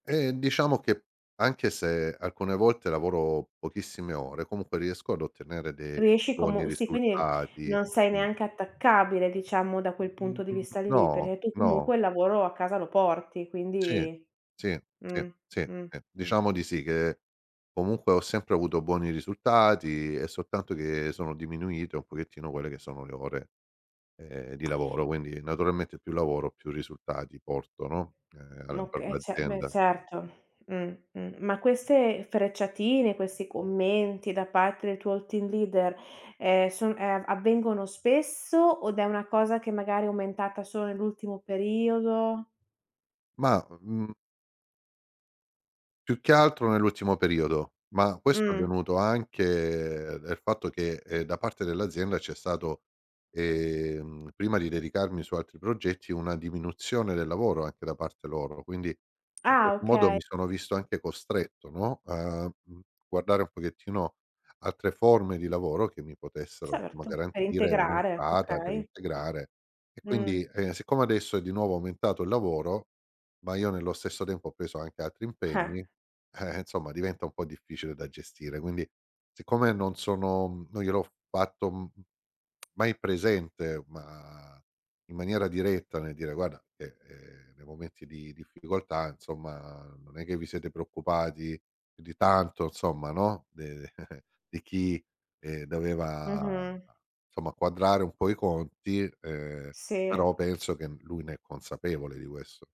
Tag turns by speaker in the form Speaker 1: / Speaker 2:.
Speaker 1: Eh diciamo che, anche se alcune volte lavoro pochissime ore, comunque riesco ad ottenere dei
Speaker 2: Riesci
Speaker 1: buoni
Speaker 2: comu sì, quindi
Speaker 1: risultati.
Speaker 2: non sei
Speaker 1: Mh.
Speaker 2: neanche attaccabile diciamo da quel punto di
Speaker 1: Mhmm,
Speaker 2: vista lì,
Speaker 1: no.
Speaker 2: perché tu
Speaker 1: No.
Speaker 2: comunque il lavoro a casa lo porti,
Speaker 1: Sì,
Speaker 2: quindi
Speaker 1: sì, sì,
Speaker 2: mh,
Speaker 1: sì,
Speaker 2: mh, mh.
Speaker 1: diciamo di sì, che comunque ho sempre avuto buoni risultati. È soltanto che sono diminuite un pochettino quelle che sono le ore, ehm, di lavoro, quindi naturalmente più lavoro più risultati porto, no, ehm,
Speaker 2: M
Speaker 1: la per
Speaker 2: oka eh c beh
Speaker 1: l'azienda.
Speaker 2: certo. Mh-mh, ma queste frecciatine, questi commenti da parte del tuo team leader, ehm, son ehm, avvengono spesso od è una cosa che magari è aumentata solo nell'ultimo periodo?
Speaker 1: Ma, mhmm più che altro nell'ultimo periodo. Ma questo è
Speaker 2: Mh.
Speaker 1: avvenuto anche del fatto che, ehm, da parte dell'azienda c'è stato ehm, prima di dedicarmi su altri progetti, una diminuzione del lavoro anche da parte loro. Quindi in
Speaker 2: Ah
Speaker 1: qualche modo
Speaker 2: okay.
Speaker 1: mi sono visto anche costretto, no, a, mhmm, guardare un pochettino altre forme di lavoro che mi potessero [unintelligible]
Speaker 2: Certo. Per
Speaker 1: garantire
Speaker 2: integrare,
Speaker 1: un'entrata per
Speaker 2: okay.
Speaker 1: integrare. E
Speaker 2: Mh.
Speaker 1: quindi, ehm, siccome adesso è di nuovo aumentato il lavoro, ma io nello stesso tempo ho preso anche altri impegni, eh, insomma diventa un po' difficile da gestire. Quindi, siccome non sono non gliel'ho fatto, m mai presente, ma in maniera diretta nel dire: "Guarda che, ehm, nei momenti di difficoltà, insomma, non è che vi siete preoccupati più di tanto, insomma no, de di chi ehm, doveva,
Speaker 2: Mh-mh.
Speaker 1: somma, quadrare un po' i conti". Ehm,
Speaker 2: Sì.
Speaker 1: però penso che n lui ne è consapevole di questo.